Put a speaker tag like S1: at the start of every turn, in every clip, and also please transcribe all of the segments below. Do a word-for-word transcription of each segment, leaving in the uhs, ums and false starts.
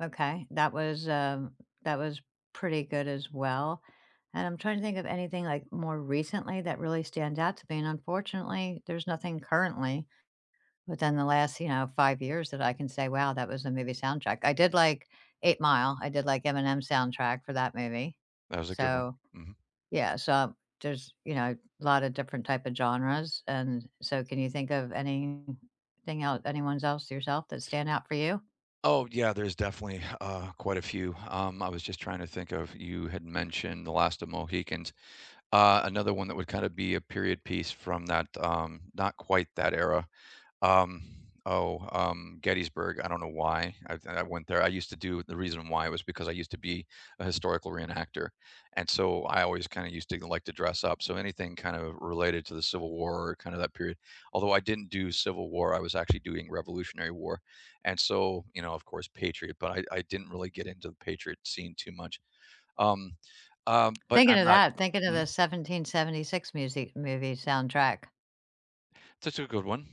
S1: Okay, that was, um, that was pretty good as well, and I'm trying to think of anything like more recently that really stands out to me and unfortunately, there's nothing currently within the last, you know, five years that I can say, "Wow, that was the movie soundtrack." I did, like, 8 Mile. I did, like, Eminem's soundtrack for that movie.
S2: That was a good one.
S1: So,
S2: Mhm.
S1: yeah so there's, you know, a lotta different type of genres, and so, can you think of anything el anyone's else yourself that stand out for you?
S2: Oh, yeah, there's definitely, uh, quite a few. Um, I was just trying to think of you had mentioned The Last of Mohicans. Uh, another one that would kinda be a period piece from that, um, not quite that era, um, oh, um, Gettysburg. I don't know why I've and I went there. I used to do the reason why was because I used to be a historical reenactor, and so I always kinda used to like to dress up. So anything kind of related to the Civil War, kinda that period. Although I didn't do Civil War, I was actually doing Revolutionary War, and so, you know, of course, Patriot, but I I didn't really get into Patriot scene too much. Um, um, but
S1: Thinking
S2: I'm
S1: of
S2: not
S1: that, thinking of the
S2: Mm?
S1: 1776 musi movie soundtrack.
S2: That's a good one.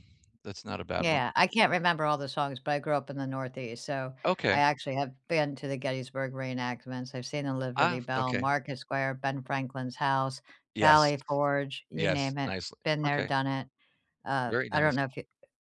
S2: That's not a bad one.
S1: Yeah, I can't remember all the songs, but I grew up in the Northeast, so I
S2: Okay.
S1: actually have been to the Gettysburg reenactments. I've seen the
S2: Ah,
S1: Liberty
S2: f
S1: Bell,
S2: okay.
S1: Market Square, Ben Franklin's house,
S2: Yes.
S1: Valley Forge, you
S2: Yes,
S1: name it,
S2: nicely.
S1: been there,
S2: Okay.
S1: done it. Uh,
S2: Very
S1: I don't
S2: nice.
S1: know if you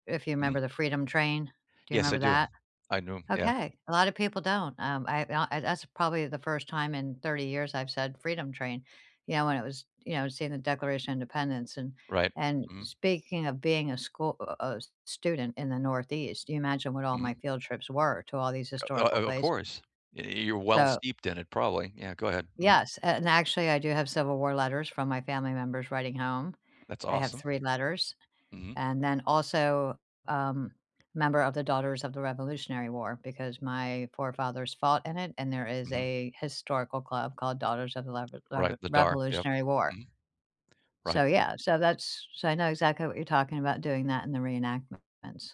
S1: if you 'member
S2: Mhm.
S1: the Freedom Train- do you
S2: Yes, I
S1: remember
S2: do.
S1: that?
S2: I do, yeah.
S1: Okay, a lotta people don't. Um, I and o I that's probably the first time in thirty years I've said Freedom Train, you know, when it was you know, seeing the Declaration of Independence and
S2: Right.
S1: and
S2: Mhm.
S1: speaking of being a schoo u u uh, s student in the Northeast, you imagine what all my
S2: Mhm.
S1: field trips were to all these
S2: U Uh,
S1: historical
S2: o of course.
S1: places,
S2: Y You're well
S1: so
S2: steeped in it, probably. Yeah, go ahead. Mhm.
S1: Yes, and actually I do have Civil War letters from my family members writing home.
S2: That's
S1: I have
S2: awesome.
S1: three letters
S2: Mhm
S1: and then also, um, member of the Daughters of the Revolutionary War because my forefathers fought in it and there is
S2: Mhm.
S1: a historical club called Daughters of the lever
S2: Right,
S1: lever
S2: the Daughter Yup.
S1: Revolutionary War.
S2: Mhm. Right.
S1: So yeah, so that's so I know exactly what you're talking about doing that in the reenactments.